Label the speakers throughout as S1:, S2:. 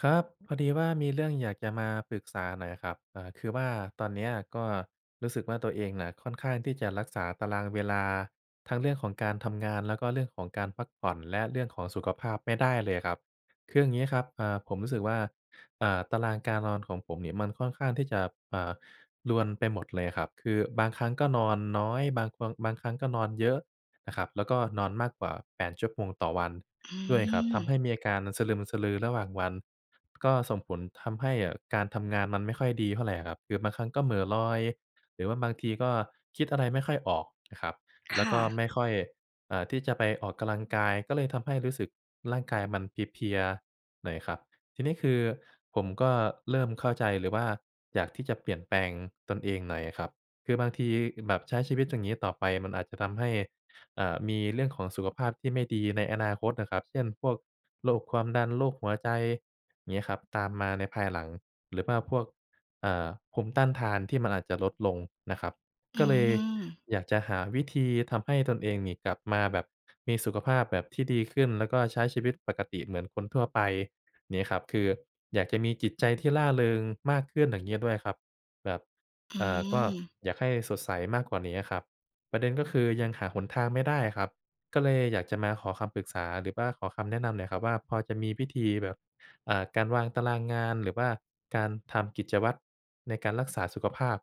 S1: ครับ พอดีว่ามีเรื่องอยากจะมาปรึกษาหน่อยครับ อ่า คือว่าตอนเนี้ยก็รู้สึกว่า ตัวเองน่ะค่อนข้างที่จะรักษาตารางเวลาทั้งเรื่องของการทำงาน แล้วก็เรื่องของการพักผ่อนและเรื่องของสุขภาพไม่ได้เลยครับ คือยังงี้ครับ เอ่อ ผมรู้สึกว่า อ่า ตารางการนอนของผมเนี่ยมันค่อนข้างที่จะ อ่า รวนไปหมดเลยครับ คือบางครั้งก็นอนน้อย บาง บางครั้งก็นอนเยอะนะครับ แล้วก็นอนมากกว่า 8 ชั่วโมงต่อวัน
S2: อื
S1: ด้วยครับ ทำให
S2: ม
S1: ้มีอาการสะลึมสะลือระหว่างวัน ก็ส่งผลทำให้การทำงานมันไม่ค่อยดีเท่าไรอะครับ คือบางครั้งก็เหม่อลอย หรือว่าบางทีก็คิดอะไรไม่ค่อยออกนะครับ
S2: ค
S1: แล้ว
S2: ่
S1: ก็
S2: ะ
S1: ไม่ค่อย อ่า ที่จะไปออกกำลังกายก็เลยทำให้รู้สึกร่างกายมันเพลีย ๆ หน่อยครับ ทีนี้คือผมก็เริ่มเข้าใจเลยว่า อยากที่จะเปลี่ยนแปลงตนเองหน่อยครับ คือบางทีแบบใช้ชีวิตอย่างงี้ต่อไปมันอาจจะทำให้ อ่า มีเรื่องของสุขภาพที่ไม่ดีในอนาคตน่ะครับ เช่น พวกโรคความดัน โรคหัวใจ งี้ครับ ตามมาในภายหลัง หรือว่าพวก เอ่อ ภูมิต้านทานที่มันอาจจะลดลงนะครับ
S2: อื
S1: ก็เลย
S2: ม
S1: อยากจะหาวิธีทำให้ตนเองนี่กลับมาแบบมีสุขภาพแบบที่ดีขึ้น แล้วก็ใช้ชีวิตปกติเหมือนคนทั่วไปนี้ครับ คืออยากจะมีจิตใจที่ร่าเริงมากขึ้นอย่างงี้ด้วยครับ แบบ
S2: อื
S1: เอ่อ ก็
S2: ม
S1: อยากให้สดใสมากกว่านี้อะครับ ประเด็นก็คือยังหาหนทางไม่ได้ครับ ก็เลยอยากจะมาขอคำปรึกษา หรือว่าขอคำแนะนำหน่อยครับว่า พอจะมีวิธีแบบ อ่า การวางตารางงาน หรือว่าการทำกิจวัตรในการรักษาสุขภาพ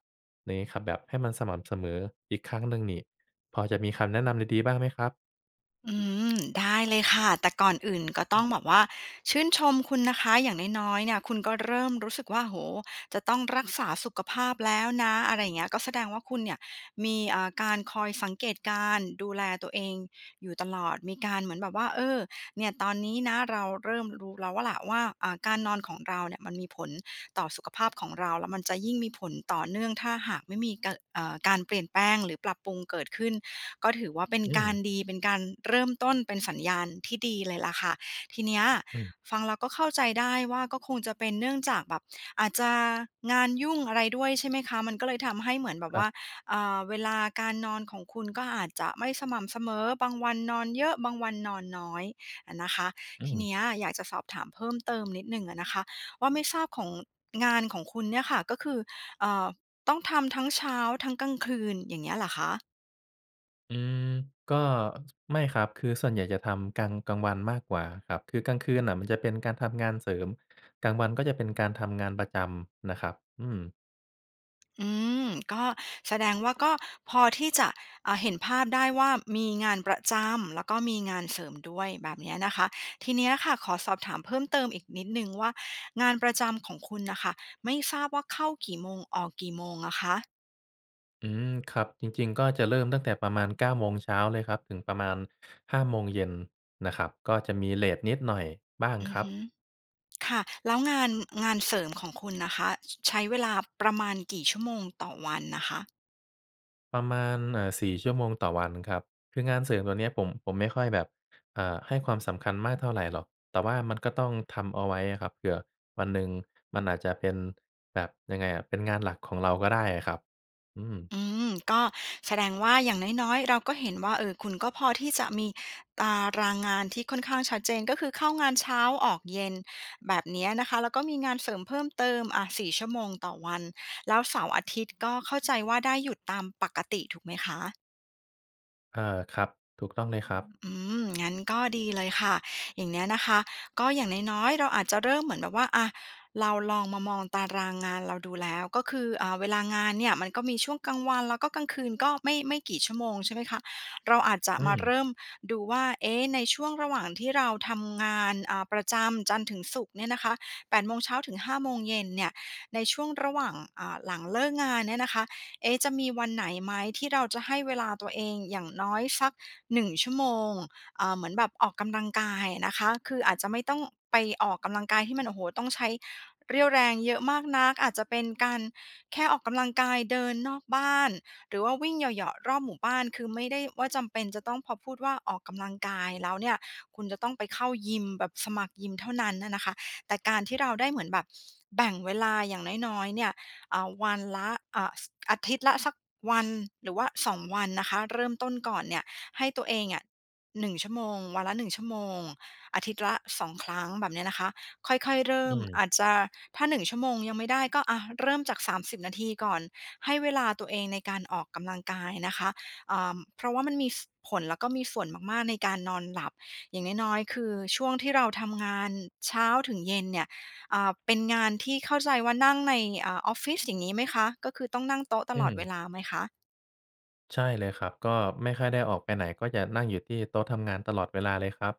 S1: นี้ครับ แบบให้มันสม่ำเสมออีกครั้งหนึ่งนี่ พอจะมีคำแนะนำดี ๆ บ้างไหมครับ?
S2: อืม ได้เลยค่ะ แต่ก่อนอื่นก็ต
S1: ฮ
S2: ้
S1: ื
S2: อง
S1: ม
S2: แบบว่าชื่นชมคุณนะคะ อย่างน้อย ๆ เนี่ย คุณก็เริ่มรู้สึกว่า โอ้โฮ จะต้องรักษาสุขภาพแล้วนะ อะไรอย่างเงี้ย ก็แสดงว่าคุณเนี่ย มี เอ่อ การคอยสังเกตการดูแลตัวเองอยู่ตลอด มีการเหมือนแบบว่า เออ เนี่ยตอนนี้นะ เราเริ่มรู้แล้วล่ะว่า อา การนอนของเราเนี่ยมันมีผลต่อสุขภาพของเรา แล้วมันจะยิ่งมีผลต่อเนื่องถ้าหากไม่มีการ เอ่อ การเปลี่ยนแปลงหรือปรับปรุงเกิดขึ้น ก็ถือว่าเป็น
S1: อื
S2: การ
S1: ม
S2: ดี เป็นการเริ่มต้นเป็นสัญญาณที่ดีเลยล่ะค่ะ ทีเนี้ย
S1: อืม
S2: ฟังแล้วก็เข้าใจได้ว่า ก็คงจะเป็น เนื่องจากแบบอาจจะงานยุ่งอะไรด้วยใช่ไหมคะ? มันก็เลยทำให้เหมือนแบบ
S1: ค
S2: ว
S1: ร
S2: ่า
S1: ับ
S2: อ่า เวลาการนอนของคุณก็อาจจะไม่สม่ำเสมอ บางวันนอนเยอะ บางวันนอนน้อยอะนะคะ
S1: อื
S2: ทีเน
S1: ม
S2: ี้ยอยากจะสอบถามเพิ่มเติมนิดหนึ่งอะนะคะ ว่าไม่ทราบของ งานของคุณเนี่ยค่ะ ก็คือ เอ่อ ต้องทำทั้งเช้าทั้งกลางคืนอย่างเงี้ยเหรอคะ?
S1: อืม ก็ ไม่ครับ คือส่วนใหญ่จะทำกลาง กลางวันมากกว่าครับ คือกลางคืนน่ะมันจะเป็นการทำงานเสริม กลางวันก็จะเป็นการทำงานประจำน่ะครับ อืม
S2: อืม ก็แสดงว่า ก็พอที่จะ อ่า เห็นภาพได้ว่า มีงานประจำ แล้วก็มีงานเสริมด้วย แบบเนี้ยนะคะ ทีเนี้ยค่ะ ขอสอบถามเพิ่มเติมอีกนิดหนึ่งว่า งานประจำของคุณน่ะค่ะ ไม่ทราบว่า เข้ากี่โมง? ออกกี่โมงอะคะ?
S1: อืม ครับ จริง ๆ ก็จะเริ่มตั้งแต่ประมาณ 9 โมงเช้าเลยครับ ถึงประมาณ 5 โมงเย็นน่ะครับ ก็จะมีเลตนิดหน่อยบ้าง
S2: อื
S1: ค
S2: อ
S1: รั
S2: ฮ
S1: บ
S2: ึ ค่ะ แล้วงาน งานเสริมของคุณนะคะ ใช้เวลาประมาณกี่ชั่วโมงต่อวันอะคะ?
S1: ประมาณ เอ่อ 4 ชั่วโมงต่อวันครับ คืองานเสริมตัวเนี้ยผม ผมไม่ค่อยแบบ อ่า ให้ความสำคัญมากเท่าไรหรอก แต่ว่ามันก็ต้องทำเอาไว้อะครับ เผื่อวันหนึ่งมันอาจจะเป็นแบบยังไงอะ เป็นงานหลักของเราก็ได้ครับ อืม
S2: อืม ก็แสดงว่า อย่างน้อย ๆ เราก็เห็นว่า เอ่อ คุณก็พอที่จะมีตารางงานที่ค่อนข้างชัดเจน ก็คือเข้างานเช้าออกเย็น แบบเนี้ยนะคะ แล้วก็มีงานเสริมเพิ่มเติม อะ 4 ชั่วโมงต่อวัน แล้วเสาร์อาทิตย์ก็เข้าใจว่า ได้หยุดตามปกติ ถูกไหมคะ?
S1: เออ ครับ ถูกต้องเลยครับ
S2: อืม งั้นก็ดีเลยค่ะ อย่างเนี้ยนะคะ ก็อย่างน้อย ๆ เราอาจจะเริ่มเหมือนแบบว่า อา เราลองมามองตารางงานเราดูแล้ว ก็คือ เอ่อ เวลางานเนี่ยมันก็มีช่วงกลางวัน แล้วก็กลางคืนก็ไม่ ไม่กี่ชั่วโมงใช่ไหมคะ? เราอาจจะ
S1: อื
S2: มาเ
S1: ม
S2: ริ่มดูว่า เอ๊ะ ในช่วงระหว่างที่เราทำงาน อา ประจำจันทร์ถึงศุกร์เนี่ยนะคะ 8 โมงเช้าถึง 5 โมงเย็นเนี่ย ในช่วงระหว่าง อ่า หลังเลิกงานเนี่ยนะคะ เอ๊ะ จะมีวันไหนไหม? ที่เราจะให้เวลาตัวเองอย่างน้อยสัก 1 ชั่วโมง อ่า เหมือนแบบออกกำลังกายนะคะ คืออาจจะไม่ต้องไปออกกำลังกายที่มัน โอ้โฮ! ต้องใช้เรี่ยวแรงเยอะมากนัก อาจจะเป็นการแค่ออกกำลังกายเดินนอกบ้าน หรือว่าวิ่งเหยาะ ๆ รอบหมู่บ้าน คือไม่ได้ว่าจำเป็นจะต้องพอพูดว่าออกกำลังกายแล้วเนี่ย คุณจะต้องไปเข้ายิมแบบสมัครยิมเท่านั้นอะนะคะ แต่การที่เราได้เหมือนแบบแบ่งเวลาอย่างน้อย ๆ เนี่ย อ่า วันละ อ่า ส อาทิตย์ละสักวัน หรือว่า 2 วันนะคะ เริ่มต้นก่อนเนี่ย ให้ตัวเองอะ 1 ชั่วโมง วันละ 1 ชั่วโมง อาทิตย์ละ 2 ครั้ง แบบเนี้ยนะคะ ค่อย ๆ เริ่
S1: อื
S2: ม อ
S1: ม
S2: าจจะ ถ้า 1 ชั่วโมงยังไม่ได้ ก็ อา เริ่มจาก 30 นาทีก่อน ให้เวลาตัวเองในการออกกำลังกายนะคะ เอ่อ เพราะว่ามันมี ส ผล แล้วก็มีส่วนมาก ๆ ในการนอนหลับ อย่างน้อย ๆ คือ ช่วงที่เราทำงานเช้าถึงเย็นเนี่ย อ่า เป็นงานที่ เข้าใจว่านั่งใน อ่า ออฟฟิศ อย่างงี้ไหมคะ? ก็คือต้องนั่งโต๊ะต
S1: อื
S2: ลอดเว
S1: ม
S2: ลาไหมคะ?
S1: ใช่เลยครับ ก็ไม่ค่อยได้ออกไปไหน ก็จะนั่งอยู่ที่โต๊ะทำงานตลอดเวลาเลยครับ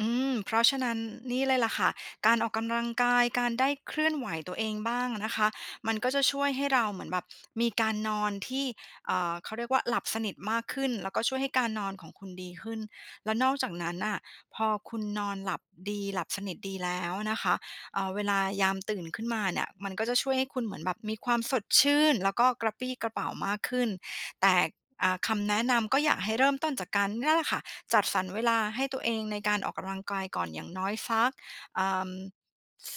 S2: อืม เพราะฉะนั้น นี่เลยล่ะค่ะ การออกกำลังกาย การได้เคลื่อนไหวตัวเองบ้างอะนะคะ มันก็จะช่วยให้เราเหมือนแบบ มีการนอนที่ อ่า เขาเรียกว่าหลับสนิทมากขึ้น แล้วก็ช่วยให้การนอนของคุณดีขึ้น และนอกจากนั้นน่ะ พอคุณนอนหลับดี หลับสนิทดีแล้วอะนะคะ อ่า เวลายามตื่นขึ้นมาเนี่ย มันก็จะช่วยให้คุณเหมือนแบบมีความสดชื่น แล้วก็กระปรี้กระเปร่ามากขึ้น แต่ อ่า คำแนะนำก็อยากให้เริ่มต้นจากการ เนี่ยแหละค่ะ จัดสรรเวลาให้ตัวเองในการออกกำลังกายก่อนอย่างน้อยสัก เอ่อ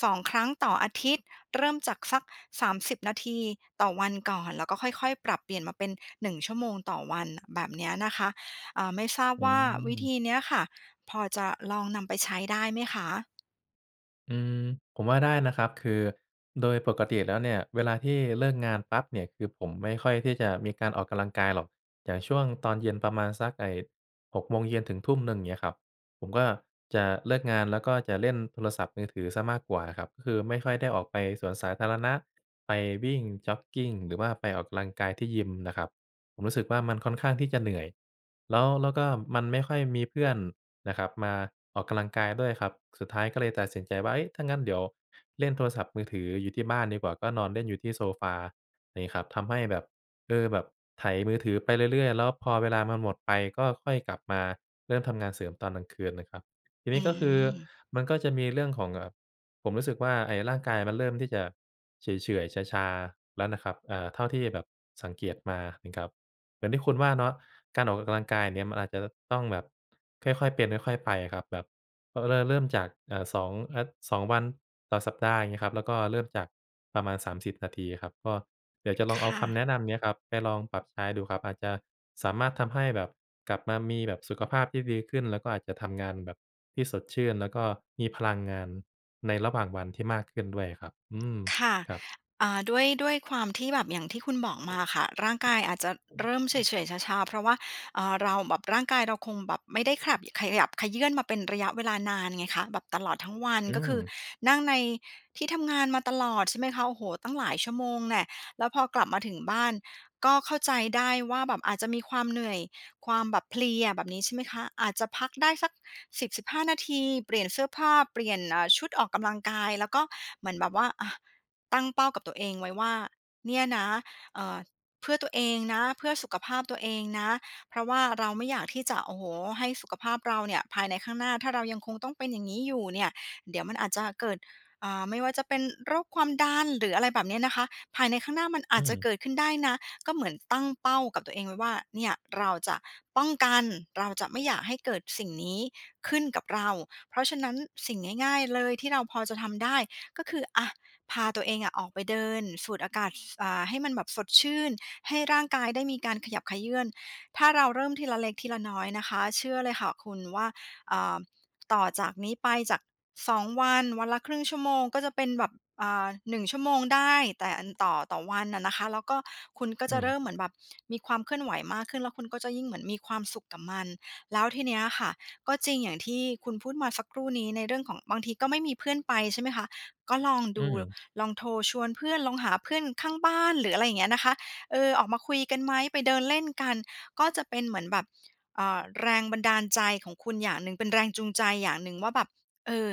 S2: 2 ครั้งต่ออาทิตย์ เริ่มจากสัก 30 นาทีต่อวันก่อน แล้วก็ค่อย ๆ ปรับเปลี่ยนมาเป็น 1 ชั่วโมงต่อวัน แบบเนี้ยนะคะ อ่า ไม่ทราบ
S1: อื
S2: ว่าวิธ
S1: ม
S2: ีเนี้ยค่ะ พอจะลองนำไปใช้ได้ไหมคะ?
S1: อืม ผมว่าได้นะครับ คือโดยปกติแล้วเนี่ยเวลาที่เลิกงานปั๊บเนี่ย คือผมไม่ค่อยที่จะมีการออกกำลังกายหรอก อย่างช่วงตอนเย็นประมาณสัก ไอ้ 6 โมงเย็นถึงทุ่มหนึ่ง อย่างงี้ครับ ผมก็จะเลิกงานแล้ว ก็จะเล่นโทรศัพท์มือถือเสียมากกว่าครับ คือไม่ค่อยได้ออกไปสวนสาธารณะ ไปวิ่งจ็อกกิง หรือว่าไปออกกำลังกายที่ยิมนะครับ ผมรู้สึกว่ามันค่อนข้างที่จะเหนื่อย แล้ว แล้วก็มันไม่ค่อยมีเพื่อนนะครับมาออกกำลังกายด้วยครับ สุดท้ายก็เลยตัดสินใจว่า เฮ้ย ถ้างั้นเดี๋ยวเล่นโทรศัพท์มือถืออยู่ที่บ้านดีกว่า ก็นอนเล่นอยู่ที่โซฟานี้ครับ ทำให้แบบ เออ แบบไถมือถือไปเรื่อย ๆ แล้วพอเวลามันหมดไป ก็ค่อยกลับมาเริ่มทำงานเสริมตอนกลางคืนนะครับ ทีเน
S2: อื
S1: ี้ยก็คือ
S2: ม
S1: มันก็จะมีเรื่องของ อ่า ผมรู้สึกว่าไอ้ร่างกายมันเริ่มที่จะเฉื่อย ๆ ชา ๆ แล้วนะครับ อา เท่าที่แบบสังเกตมานะครับ อย่างที่คุณว่าเนาะ การออกกำลังกายเนี่ย มันอาจจะต้องแบบค่อย ๆ เป็นค่อย ๆ ไปอะครับ แบบต้องเริ่ม เริ่มจาก เอ่อ 2 อา 2 วันต่อสัปดาห์อย่างงี้ครับ แล้วก็เริ่มจากประมาณ 30 นาทีครับ ก็เดี๋ยวจะล
S2: ค
S1: องเอา
S2: ่
S1: ค
S2: ะ
S1: ำแนะนำเนี้ยครับไปลองปรับใช้ดูครับ อาจจะสามารถทำให้แบบกลับมามีแบบสุขภาพที่ดีขึ้น แล้วก็อาจจะทำงานแบบที่สดชื่น แล้วก็มีพลังงานในระหว่างวันที่มากขึ้นด้วยอะครับ อืม
S2: ค่ะ
S1: ครับ
S2: อ่า ด้วย ด้วยความที่แบบอย่างที่คุณบอกมาค่ะ ร่างกายอาจจะเริ่มเฉื่อย ๆ ชา ๆ เพราะว่า เออ เราแบบ ร่างกายเราคงแบบไม่ได้ขับ ขยับเขยื้อนมาเป็นระยะเวลานานไงคะ แบบตลอดทั้งวัน
S1: อื
S2: ก็คือ
S1: ม
S2: นั่งในที่ทำงานมาตลอด ใช่ไหมคะ โอ้โฮ ตั้งหลายชั่วโมงแน่ะ แล้วพอกลับมาถึงบ้าน ก็เข้าใจได้ว่า แบบอาจจะมีความเหนื่อย ความแบบเพลีย แบบนี้ ใช่ไหมคะ อาจจะพักได้สัก 10-15 นาที เปลี่ยนเสื้อผ้า เปลี่ยน เอ่อ ชุดออกกำลังกาย แล้วก็เหมือนแบบว่า อา ตั้งเป้ากับตัวเองไว้ว่า เนี่ยนะ เอ่อ เพื่อตัวเองนะ เพื่อสุขภาพตัวเองนะ เพราะว่าเราไม่อยากที่จะ โอ้โฮ ให้สุขภาพเราเนี่ย ภายในข้างหน้า ถ้าเรายังคงต้องเป็นอย่างนี้อยู่เนี่ย เดี๋ยวมันอาจจะเกิด อ่า ไม่ว่าจะเป็นโรคความดัน หรืออะไรแบบเนี้ยนะคะ ภายในข้างหน้ามันอ
S1: อื
S2: าจจะเ
S1: ม
S2: กิดขึ้นได้นะ ก็เหมือนตั้งเป้ากับตัวเองไว้ว่า เนี่ยเราจะป้องกัน เราจะไม่อยากให้เกิดสิ่งนี้ขึ้นกับเรา เพราะฉะนั้นสิ่งง่าย ๆ เลยที่เราพอจะทำได้ก็คือ อา พาตัวเองอะออกไปเดินสูดอากาศ ฟ อ่า ให้มันแบบสดชื่น ให้ร่างกายได้มีการขยับเขยื้อน ถ้าเราเริ่มทีละเล็กทีละน้อยนะคะ เชื่อเลยค่ะคุณว่า อ่า ต่อจากนี้ไปจาก 2 วัน วันละ 1/2 ชั่วโมง ก็จะเป็นแบบ อ่า 1 ชั่วโมงได้ แต่อัน ต่อ ต่อวันอะนะคะ แล้วก็คุณก็
S1: อ
S2: จ
S1: ื
S2: ะเริ่
S1: ม
S2: มเหมือนแบบมีความเคลื่อนไหวมากขึ้น แล้วคุณก็จะยิ่งเหมือนมีความสุขกับมัน แล้วทีเนี้ยอะค่ะ ก็จริงอย่างที่คุณพูดมาสักครู่นี้ในเรื่องของ บางทีก็ไม่มีเพื่อนไป ใช่ไหมคะ ก็ลอง
S1: อ
S2: ด
S1: ื
S2: ู
S1: ม
S2: ลองโทรชวนเพื่อน ลองหาเพื่อนข้างบ้าน หรืออะไรอย่างเงี้ยนะคะ เออ ออกมาคุยกันไหม? ไปเดินเล่นกัน ก็จะเป็นเหมือนแบบ เอ่อ แรงบันดาลใจของคุณอย่างหนึ่ง เป็นแรงจูงใจอย่างหนึ่งว่าแบบ เออ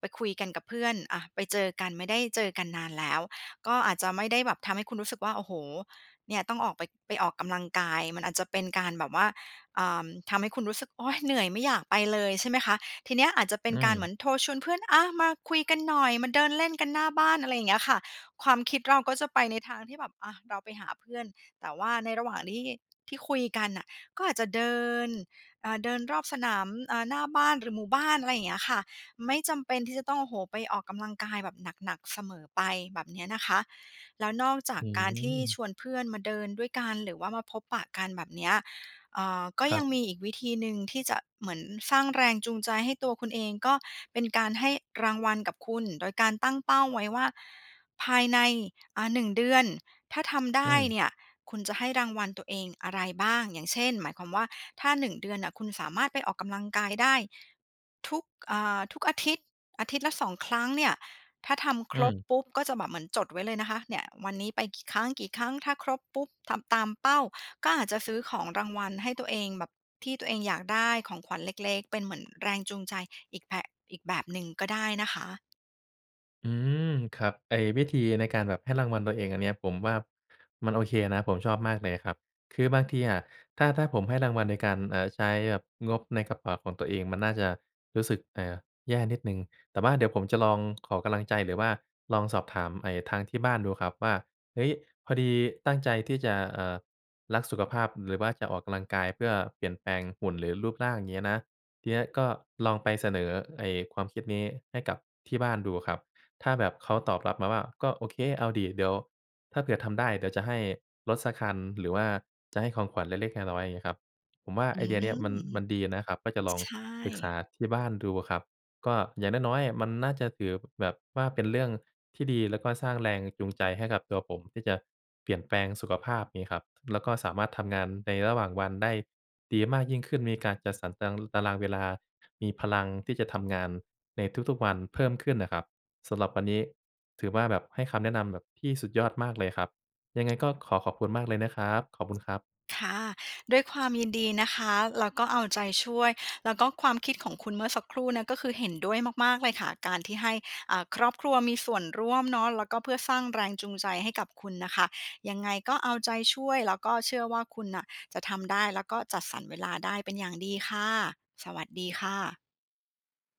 S2: ไปคุยกันกับเพื่อน อะ ไปเจอกัน ไม่ได้เจอกันนานแล้ว ก็อาจจะไม่ได้แบบทำให้คุณรู้สึกว่า โอ้โฮ เนี่ยต้องออกไป ไปออกกำลังกาย มันอาจจะเป็นการแบบว่า เอ่อ ทำให้คุณรู้สึก "โอ๊ย! เหนื่อยไม่อยากไปเลย" ใช่ไหมคะ ทีเนี้ยอาจจะเป็
S1: อ
S2: น
S1: ื
S2: การเหมื
S1: ม
S2: อนโทรชวนเพื่อน "อา มาคุยกันหน่อย มาเดินเล่นกันหน้าบ้าน" อะไรอย่างเงี้ยค่ะ ความคิดเราก็จะไปในทางที่แบบ อา เราไปหาเพื่อน แต่ว่าในระหว่างที่ ที่คุยกันอะ ก็อาจจะเดิน อ่า เดินรอบสนาม อ่า หน้าบ้าน หรือหมู่บ้าน อะไรอย่างเงี้ยค่ะ ไม่จำเป็นที่จะต้อง โอ้โฮ ไปออกกำลังกายแบบหนัก ๆ เสมอไป แบบเนี้ยนะคะ แล้วนอกจาก
S1: อื
S2: การที่ช
S1: ม
S2: วนเพื่อนมาเดินด้วยกัน หรือว่ามาพบปะกันแบบเนี้ย อ่า ก็
S1: คร
S2: ย
S1: ั
S2: ั
S1: บ
S2: งมีอีกวิธีหนึ่งที่จะ เหมือนสร้างแรงจูงใจให้ตัวคุณเอง ก็เป็นการให้รางวัลกับคุณ โดยการตั้งเป้าไว้ว่า ภายใน อะ 1 เดือน ถ้าทำได
S1: อื
S2: ้
S1: ม
S2: เนี่ย คุณจะให้รางวัลตัวเองอะไรบ้าง อย่างเช่น หมายความว่า ถ้า 1 เดือนอะ คุณสามารถไปออกกำลังกายได้ ทุก อ่า ทุกอาทิตย์ อาทิตย์ละ 2 ครั้งเนี่ย ถ้าทำค
S1: อื
S2: รบ
S1: ม
S2: ปุ๊บ ก็จะแบบ เหมือนจดไว้เลยนะคะ เนี่ย วันนี้ไปกี่ครั้ง กี่ครั้ง? ถ้าครบปุ๊บ ทำตามเป้า ก็อาจจะซื้อของรางวัลให้ตัวเองแบบที่ตัวเองอยากได้ ของขวัญเล็ก ๆ เป็นเหมือนแรงจูงใจ อีกแผะ อีกแบบหนึ่งก็ได้นะคะ
S1: อืม ครับ ไอ้วิธีในการแบบให้รางวัลตัวเองอันเนี้ย ผมว่ามันโอเคนะ ผมชอบมากเลยครับ คือบางทีอะ ถ้า ถ้าผมให้รางวัลในการ เอ่อ ใช้แบบงบในกระเป๋าของตัวเองมันน่าจะรู้สึก เอ่อ แย่นิดหนึ่ง แต่ว่าเดี๋ยวผมจะลองขอกำลังใจ หรือว่าลองสอบถามไอ้ทางที่บ้านดูครับว่า เฮ้ย พอดีตั้งใจที่จะ เอ่อ รักสุขภาพ หรือว่าจะออกกำลังกายเพื่อเปลี่ยนแปลงหุ่นหรือรูปร่าง เงี้ยนะ ทีเนี้ยก็ลองไปเสนอไอ้ความคิดนี้ให้กับที่บ้านดูครับ ถ้าแบบเขาตอบรับมาว่า "ก็โอเค เอาดิ เดี๋ยวถ้าเผื่อทำได้ เดี๋ยวจะให้รถสักคัน หรือว่าจะให้ของขวัญเล็ก ๆ น้อย ๆ" เงี้ยครับ ผมว่า
S2: อื
S1: ไอเดียเนี้ยมัน
S2: ม
S1: มันดีนะครับ ก็จะลอง
S2: ใช
S1: ปรึกษ
S2: ่
S1: าที่บ้านดูอะครับ ก็อย่างน้อย ๆ มันน่าจะถือ แบบว่าเป็นเรื่องที่ดี แล้วก็สร้างแรงจูงใจให้กับตัวผมที่จะเปลี่ยนแปลงสุขภาพนี้ครับ แล้วก็สามารถทำงานในระหว่างวันได้ดีมากยิ่งขึ้น มีการจัดสรรตัง ตารางเวลา มีพลังที่จะทำงานในทุก ๆ วันเพิ่มขึ้นน่ะครับ สำหรับวันนี้ถือว่าแบบให้คำแนะนำแบบที่สุดยอดมากเลยครับ ยังไงก็ขอขอบคุณมากเลยนะครับ ขอบคุณครับ
S2: ค่ะ ด้วยความยินดีนะคะ แล้วก็เอาใจช่วย แล้วก็ความคิดของคุณเมื่อสักครู่เนี้ย ก็คือเห็นด้วยมาก ๆ เลยค่ะ การที่ให้ อ่า ครอบครัวมีส่วนร่วมเนาะ แล้วก็เพื่อสร้างแรงจูงใจให้กับคุณนะคะ ยังไงก็เอาใจช่วยแล้วก็เชื่อว่า คุณน่ะจะทำได้แล้วก็จัดสรรเวลาได้เป็นอย่างดีค่ะ สวัสดีค่ะ